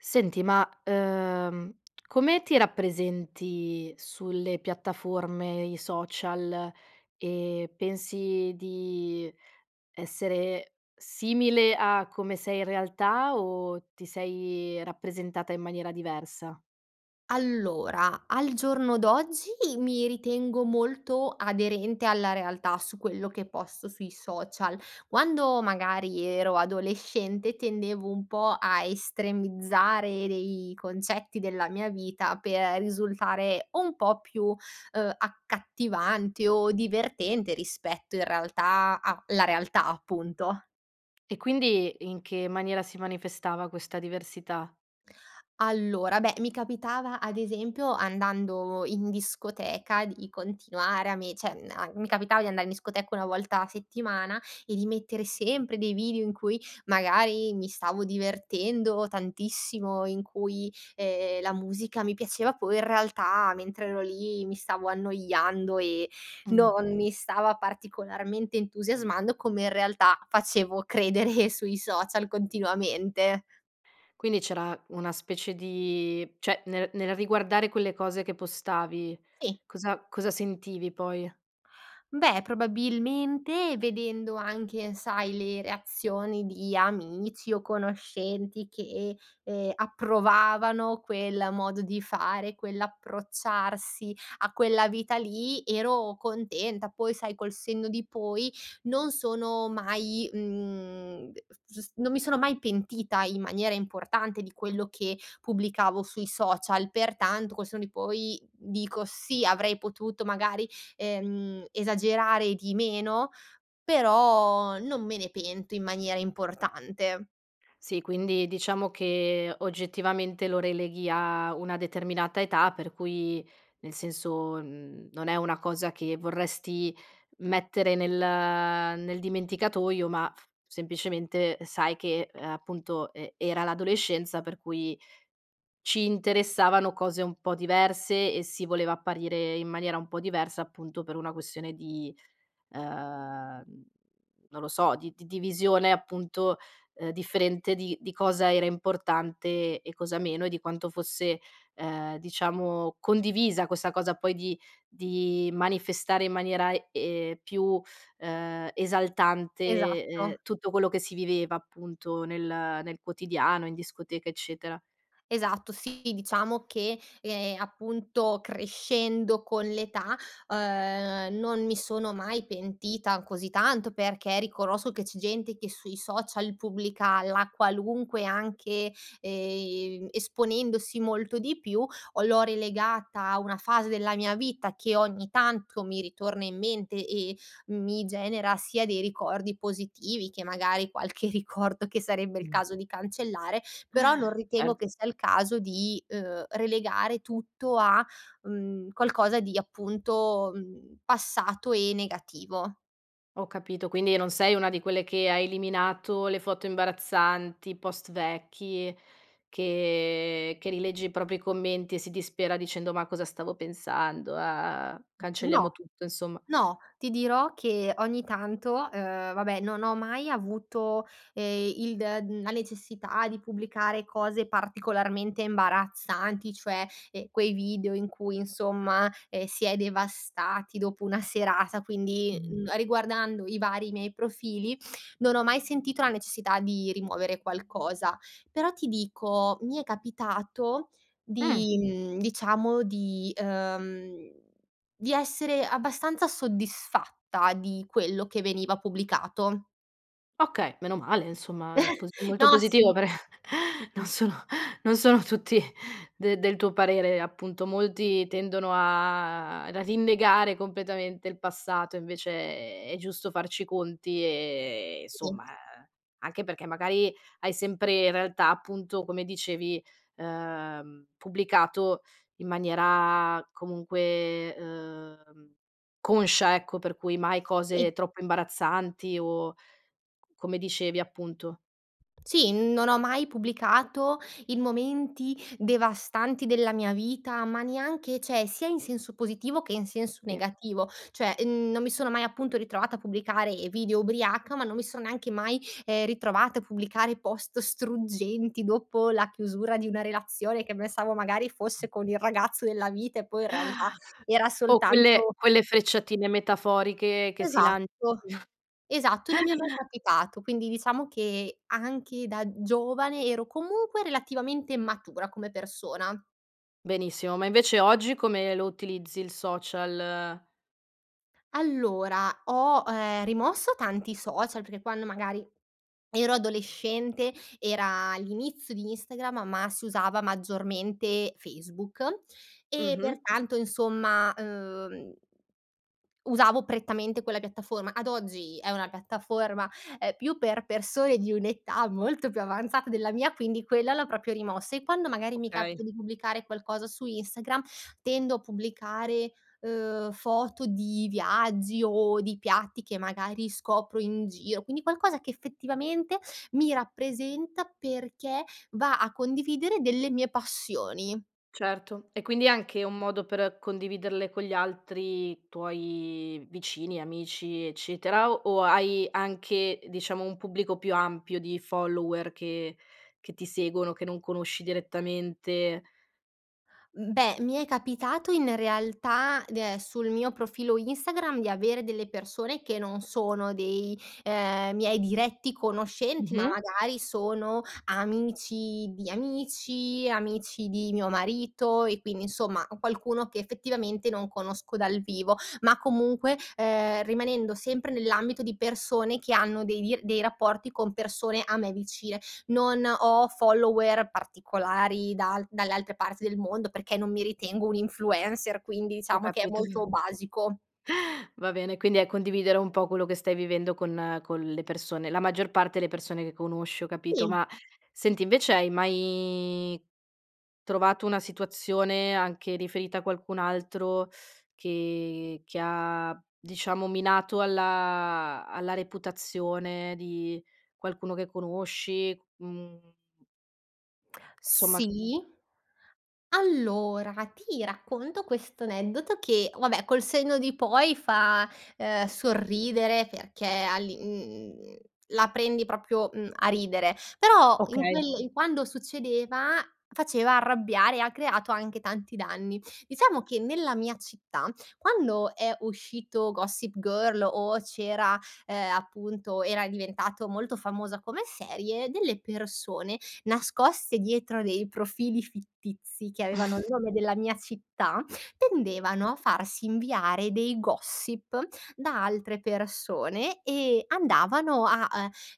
Senti, ma ehm, come ti rappresenti sulle piattaforme, i social, e pensi di essere simile a come sei in realtà o ti sei rappresentata in maniera diversa? Allora, al giorno d'oggi mi ritengo molto aderente alla realtà su quello che posto sui social. Quando magari ero adolescente tendevo un po' a estremizzare dei concetti della mia vita per risultare un po' più, ehm, accattivante o divertente rispetto in realtà a la realtà appunto. E quindi in che maniera si manifestava questa diversità? Allora, beh mi capitava ad esempio andando in discoteca di continuare a me cioè am mi capitava di andare in discoteca una volta a settimana e di mettere sempre dei video in cui magari mi stavo divertendo tantissimo in cui, ehm, la musica mi piaceva poi in realtà mentre ero lì mi stavo annoiando e Mh. non mi stava particolarmente entusiasmando come in realtà facevo credere sui social continuamente. Quindi c'era una specie di cioè, nel nel riguardare quelle cose che postavi, Sì. cosa cosa sentivi poi? Beh, probabilmente, vedendo anche sai le reazioni di amici o conoscenti che, ehm, approvavano quel modo di fare, quell'approcciarsi a quella vita lì, ero contenta. Poi, sai, col senno di poi, non sono mai, mhmm, ehm, s gius non mi sono mai pentita in maniera importante di quello che pubblicavo sui social, pertanto, col senno di poi, dico, sì avrei potuto, magari, ehm, esagerare di meno, però non me ne pento in maniera importante. Sì, quindi, diciamo, che, oggettivamente, lo releghi a una determinata età per cui nel senso, mhmm, non è una cosa che vorresti mettere nel nel dimenticatoio, ma f semplicemente sai che, uhm, appunto, e era l'adolescenza per cui ci interessavano cose un po' diverse e si voleva apparire in maniera un po' diversa, appunto, per una questione di uhm, non lo so, di di divisione, appunto, uhm, differente di di cosa era importante e cosa meno e di quanto fosse, ehm, diciamo, condivisa questa cosa poi di di manifestare in maniera, uhm, più, ehm, esaltante, uhm, Esatto. tutto quello che si viveva, appunto, nel nel quotidiano, in discoteca, eccetera. Esatto, sì, diciamo che, ehm, appunto, crescendo con l'età, uhm, non mi sono mai pentita così tanto perché riconosco che c'è gente che sui social pubblica la qualunque anche, ehm, esponendosi molto di più, o l'ho rilegata a una fase della mia vita che, ogni tanto, mi ritorna in mente e mi genera sia dei ricordi positivi che, magari, qualche ricordo che sarebbe il Mh. caso di cancellare. Però non ritengo che Certo. sia il caso di, uhm, relegare tutto a, mhmm, qualcosa di, appunto, mhmm, passato e negativo. Ho capito, quindi non sei una di quelle che ha eliminato le foto imbarazzanti, post vecchi che che rilegge i propri commenti e si dispera dicendo: "Ma cosa stavo pensando? ah ah A cancelliamo No, tutto," insomma. no, ti dirò che, ogni tanto, uhm, vabbè non ho mai avuto, eh, il d la necessità di pubblicare cose particolarmente imbarazzanti, cioè, ehm, quei video in cui insomma, ehm, si è devastati dopo una serata, quindi, Mhmm. mhmm, riguardando i vari miei profili non ho mai sentito la necessità di rimuovere qualcosa. Però ti dico, mi è capitato d Mh. mhmm, diciamo di uhm, di essere abbastanza soddisfatta di quello che veniva pubblicato. Okay! Meno male insomma, è pos è molto No, positivo sì. però, non sono non sono tutti de del tuo parere appunto molti tendono a a rinnegare completamente il passato invece è è giusto farci i conti, e Sì. somma, eh, anche perché magari hai sempre in realtà appunto come dicevi, ehm, pubblicato in maniera, comunque, ehm, conscia ecco, per cui mai Sì. cose troppo imbarazzanti o come dicevi appunto. Sì, non ho mai pubblicato in momenti devastanti della mia vita, ma neanche cioè sia in senso positivo che in senso Sì. negativo, cioè mhmm non mi sono mai appunto ritrovata a pubblicare video ubriaca, ma non mi sono neanche mai, ehm, ritrovata a pubblicare post struggenti dopo la chiusura di una relazione, che pensavo magari fosse con il ragazzo della vita e poi in realtà era o quelle soltanto quelle frecciatine metaforiche che si lan Esatto, esatto e non mi è mai capitato, quindi diciamo che anche da giovane ero comunque relativamente matura come persona. Benissimo, ma invece oggi come lo utilizzi il social? Allora, ho, ehm, rimosso tanti social, perché quando magari ero adolescente, era l'inizio di Instagram, ma si usava maggiormente Facebook, e Mh-mh. pertanto insomma, uhm, usavo prettamente quella piattaforma, ad oggi è una piattaforma, uhm, più per persone di un'età molto più avanzata della mia, quindi quella l'ho proprio rimossa, e quando magari mi Okay. capita di pubblicare qualcosa su Instagram tendo a pubblicare, uhm, foto di viaggi, o di piatti che magari scopro in giro, quindi qualcosa che effettivamente mi rappresenta perché va a condividere delle mie passioni. Certo, e quindi anche un modo per condividerle con gli altri tuoi, vicini, amici, eccetera o hai anche, diciamo, un pubblico più ampio di follower che che ti seguono che non conosci direttamente? Mhmm beh, mi è capitato in realtà, [unintelligible] sul mio profilo Instagram, di avere delle persone che non sono dei, ehm, miei diretti conoscenti, ma Mh-mh. magari sono amici di amici, amici di mio marito e quindi insomma, qualcuno che effettivamente non conosco dal vivo, ma comunque, ehm, rimanendo sempre nell'ambito di persone che hanno dei di dei rapporti con persone a me vicine; non ho follower particolari dal dalle altre parti del mondo, perché non mi ritengo un influencer quindi Ho diciamo che è capit molto basico. va bene, quindi è condividere un po' quello che stai vivendo con con le persone la maggior parte le persone che conosci, ho capito, Sì. ma senti invece hai mai, trovato una situazione anche riferita a qualcun altro, che che ha, diciamo minato alla alla reputazione di qualcuno che conosci? Mhmm Somma sì, allora, ti racconto questo aneddoto che, vabbè, col senno di poi fa, uhm sorridere perché all'i uhm, la prendi proprio mhmm a ridere, però in Okay. quel quando succedeva faceva arrabbiare, ha creato anche tanti danni. Diciamo che nella mia città quando è uscito Gossip Girl o c'era ehm, appunto era diventato molto famosa come serie, delle persone nascoste dietro dei profili fittizi, che avevano il nome della mia città, tendevano a farsi inviare dei gossip da altre persone e andavano, a,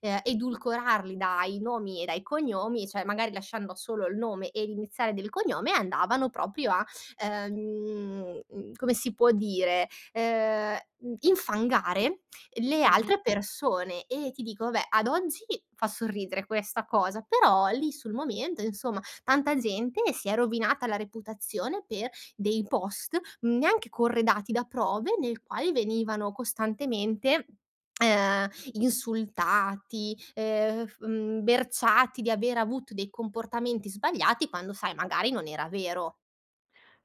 eh, ehm edulcorarli dai nomi e dai cognomi cioè magari lasciando solo il nome e l'iniziale del cognome, andavano proprio a, ehm, uhm come si può dire, ehm, infangare le Mh-mh. altre persone e ti dico vabbè, ad oggi fa sorridere questa cosa, però lì sul momento, insomma tanta gente si è rovinata la reputazione per dei post, neanche corredati da prove, nel quale venivano costantemente, ehm insultati, ehm, berciati di aver avuto dei comportamenti sbagliati, quando sai magari non era vero.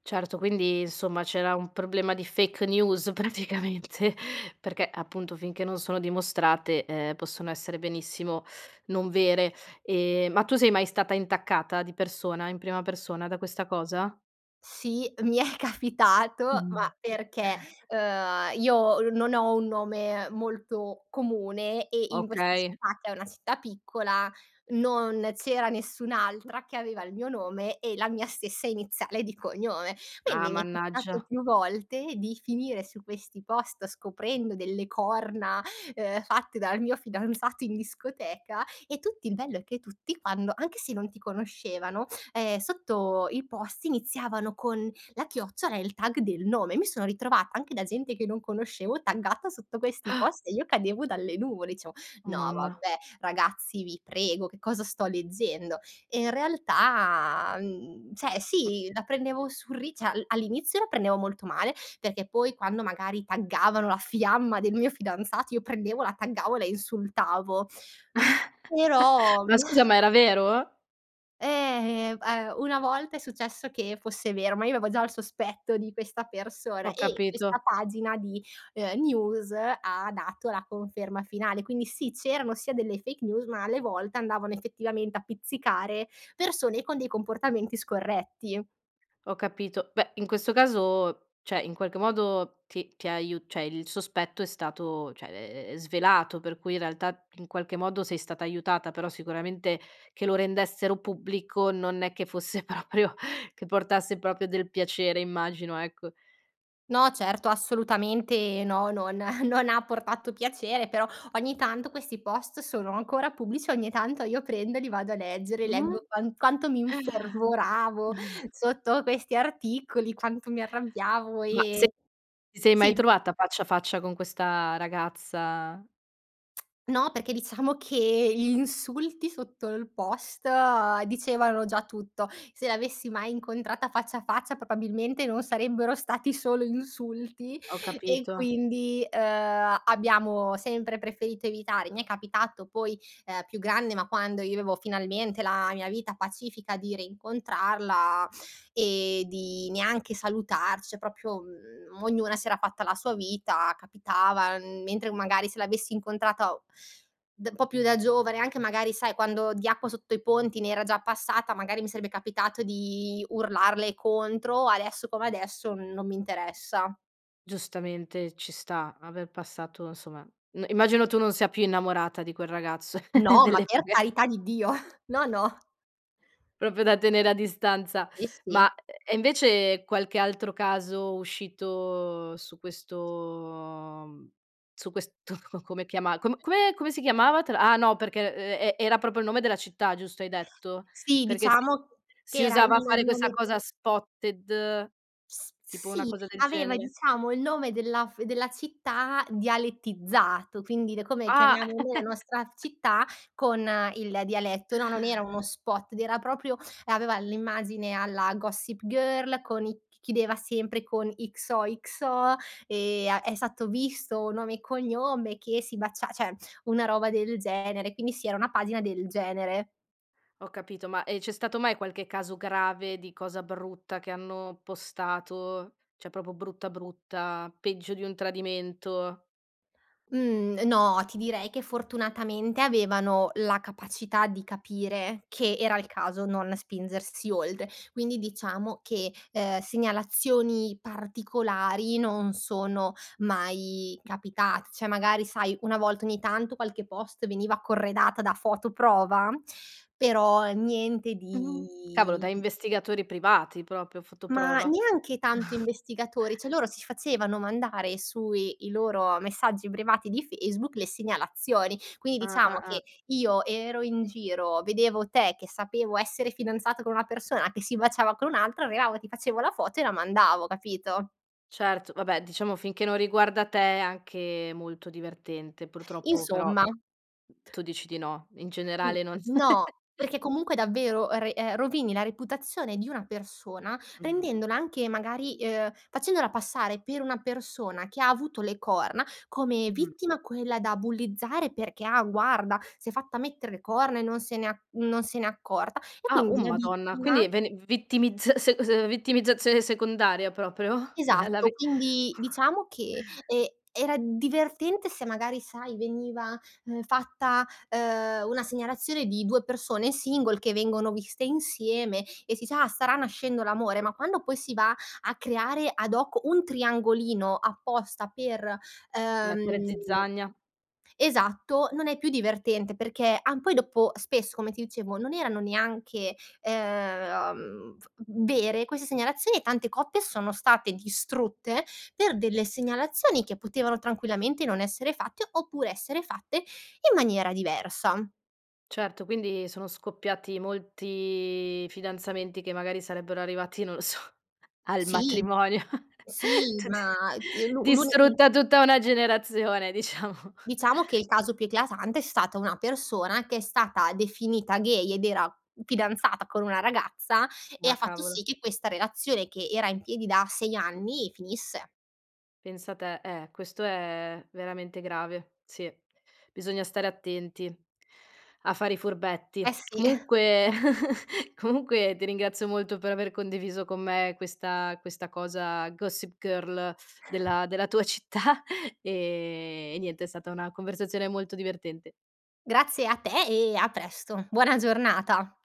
Certo, quindi, insomma, c'era un problema di fake news praticamente, perché, appunto, finché non sono dimostrate, ehm, possono essere benissimo non vere. Ehm, ma tu sei mai stata intaccata di persona, in prima persona, da questa cosa? Sì, mi è capitato, ma Mh-mh. perché, uhm, io non ho un nome molto comune e, in questa Okay. città, che è una città piccola, non c’era nessun’altra che aveva il mio nome e la mia stessa iniziale di cognome. Ah, Quindi mi è capitato mannaggia. più volte di finire su questi post, scoprendo delle corna, uhm, fatte dal mio fidanzato in discoteca, e tutti il bello è che tutti, anche se non ti conoscevano, ehm, sotto il post iniziavano con la chiocciola e il tag del nome. Mi sono ritrovata anche, da gente che non conoscevo, taggata sotto questi post e io cadevo dalle nuvole, dicevo: Oh, “No, mamma. vabbè, ragazzi, vi prego, che cosa sto leggendo?”. E, in realtà, mhmm cioè Mh. sì, la prendevo sul rider cioè all’inizio la prendevo molto male, perché poi, quando magari taggavano la fiamma del mio fidanzato, io prendevo, la taggavo e la insultavo, però. Ma scusa, ma era vero? Eh ehm una volta è successo che fosse vero, ma io avevo già il sospetto di questa persona Ho ,e questa capito. pagina di, uhm, news ha dato la conferma finale, quindi sì, c'erano sia delle fake news ma alle volte andavano effettivamente a pizzicare persone con dei comportamenti scorretti. Ho capito. Beh, in questo caso cioè in qualche modo ti ti ha aiu cioè il sospetto è stato cioè è svelato per cui in realtà in qualche modo sei stata aiutata ,però sicuramente che lo rendessero pubblico non è che fosse proprio che portasse proprio del piacere immagino, ecco. No certo assolutamente no non non ha portato piacere, però ogni tanto questi post sono ancora pubblici, ogni tanto io prendo e li vado a leggere, Mh? leggo quant quanto mi infervoravo Mh. sotto questi articoli quanto mi arrabbiavo Ma se e ti sei mai sì. trovata faccia a faccia con questa ragazza? No, perché diciamo che gli insulti sotto il post dicevano già tutto. Se l'avessi mai incontrata faccia a faccia, probabilmente non sarebbero stati solo insulti, Ho e capito. quindi, uhm, abbiamo sempre preferito evitare. Mi è capitato poi, uhm, più grande ma quando io avevo finalmente la mia vita pacifica di reincontrarla e di neanche salutarci, cioè proprio ognuna si era fatta la sua vita, capitava mentre magari se l'avessi incontrata d un po' più da giovane anche magari sai quando di acqua sotto i ponti ne era già passata, magari mi sarebbe capitato di urlarle contro, adesso come adesso n non mi interessa. Giustamente ci sta, aver passato insomma immagino, tu non sia più innamorata di quel ragazzo No, ma delle per fughe. carità di Dio, no, no. Proprio da tenere a distanza. Sì, si. Ma e invece qualche altro caso uscito su questo su questo come chiamarlo, co come come si chiamava te l'ha ah, no perché ehm ehm e era proprio il nome della città, giusto, hai detto? Sì, Perché si diciamo che si era usava il fare questa nome cosa spotted S tipo, una sì cosa del aveva genere. diciamo il nome della f della città dialettizzato quindi come Ah. chiamiamo noi la nostra città con il dialetto. No, non era uno spot ed era proprio aveva l'immagine alla Gossip Girl con i c chiedeva sempre X-O-X-O, ehm, è stato visto un nome e cognome che si baciav cioè una roba del genere, quindi sì, era una pagina del genere. Ho capito, ma e c'è stato mai qualche caso grave, di cosa brutta che hanno postato cioè proprio brutta brutta peggio di un tradimento? Mhmm, no, ti direi che fortunatamente avevano la capacità di capire che era il caso non spingersi oltre. Quindi diciamo che, ehm, segnalazioni particolari non sono mai capitate, cioè magari sai una volta ogni tanto qualche post veniva corredata da foto prova però niente Mh, cavolo di da investigatori privati proprio, foto Ma prova. neanche tanto investigatori, cioè loro si facevano mandare sui i loro messaggi privati di Facebook le segnalazioni. Quindi diciamo Ah-ah-ah. che io ero in giro, vedevo te che sapevo essere fidanzato con una persona che si baciava con un altra, arrivava, ti facevo la foto e la mandavo, capito? Certo, vabbè diciamo finché non riguarda te, è anche molto divertente, purtroppo però Insomma. tu dici di no, in Mh. generale non no, perché comunque davvero re ehm, rovini la reputazione di una persona Mh-mh. rendendola anche magari uhm, facendola passare per una persona che ha avuto le corna, come Mh-mh. vittima quella da bullizzare, perché: "Ah guarda, s'è fatta mettere le corna e non se ne non se ne è accorta" e Ah, oh quindi la Madonna. vittima Quindi ven vittimizz se s vittimizzazione secondaria proprio? Della vi Esatto quindi diciamo che, ehm, era divertente se magari sai veniva, ehm, fatta, ehm, una segnalazione di 2 persone single che vengono viste insieme e si sa: "Ah, starà nascendo l'amore". Ma quando poi si va a creare ad hoc un triangolino apposta per, Mettere uhm zizzania. esatto, non è più divertente perché ah, poi dopo spesso come ti dicevo non erano neanche, uhm, v vere queste segnalazioni e tante coppe sono state distrutte per delle segnalazioni che potevano tranquillamente non essere fatte, oppure essere fatte in maniera diversa. Certo, quindi sono scoppiati molti fidanzamenti che magari sarebbero arrivati non lo so, al Sì matrimonio, sì tut ma di l'un l'uni distrutta tutta una generazione diciamo. Diciamo che il caso più eclatante è stata una persona che è stata definita gay ed era fidanzata con una ragazza, e Ah, ha fatto cavolo. sì che questa relazione che era in piedi da 6 anni, finisse. Pensa te, eh, questo è veramente grave. Si. Bisogna stare attenti a fare i Eh furbetti. sì. Comunque comunque ti ringrazio molto per aver condiviso con me questa questa cosa Gossip Girl della della tua città e e niente, è stata una conversazione molto divertente. Grazie a te e a presto. Buona giornata.